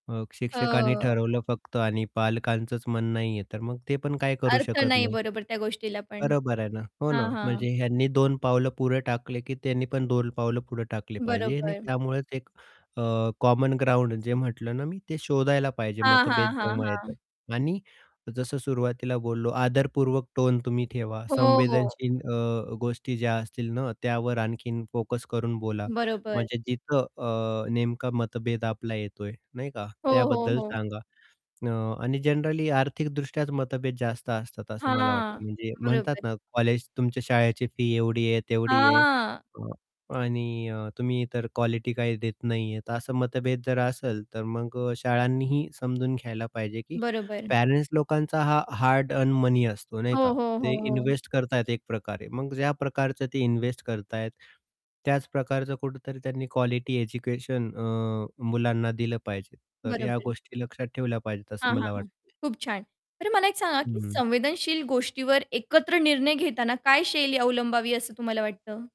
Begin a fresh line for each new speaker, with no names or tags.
अ, शिक्षकांनी
हो.
ठरवलं फक्त आणि पालकांचंच मन नाहीये, तर मग ते पण काही करू
अर्थ
शकत
नाही
नाहीत.
बरोबर त्या गोष्टीला पण.
बरोबर आहे ना हो ना,
हां, हां.
म्हणजे ह्यांनी दोन पावलं पुढे टाकले की त्यांनी पण दोन पावलं पुढे टाकले पाहिजे आणि
बरोबर.
त्यामुळेच एक अ, कॉमन ग्राऊंड जे म्हटलं ना मी ते शोधायला पाहिजे
हां,
मतभेद
हां, हां,
जेव्हा
हां.
येतात आणि जसं सुरुवातीला बोललो आदरपूर्वक टोन तुम्ही ठेवा.
हो.
संवेदनशील अ, गोष्टी ज्या असतील ना, त्यावर आणखीन फोकस करून बोला.
बरोबर.
म्हणजे जिथं अ, नेमका मतभेद आपला येतोय नाही का,
हो, हो,
त्याबद्दल
हो.
सांगा अ, आणि जनरली आर्थिकदृष्ट्याच मतभेद जास्त असतात असं मला
हां,
वाटतं. म्हणजे म्हणतात
बरोबर.
ना कॉलेज तुमच्या शाळेची फी एवढी आहे, तेवढी आहे
हां.
अ, आणि अ, तुम्ही तर क्वालिटी काही देत नाही आहेत ,असं मतभेद जर असेल, तर मग अ, शाळांनीही समजून घ्यायला पाहिजे की
बरोबर.
पॅरेंट्स लोकांचा हा हार्ड अर्न मनी असतो नाही
हो,
का,
हो, हो,
ते
हो.
इन्व्हेस्ट करताय एक प्रकारे, मग ज्या प्रकारचं ते इन्व्हेस्ट करत आहेत, त्याच प्रकारचं कुठेतरी त्यांनी क्वालिटी एज्युकेशन अ, मुलांना दिलं पाहिजे. तर या
बरोबर.
गोष्टी लक्षात ठेवल्या पाहिजेत असं
हां, हां,
मला
हां,
वाटतं.
खूप छान. बरं मला एक सांगा की
हं.
संवेदनशील गोष्टीवर एकत्र निर्णय घेताना काय शैली अवलंबावी असं तुम्हाला वाटतं?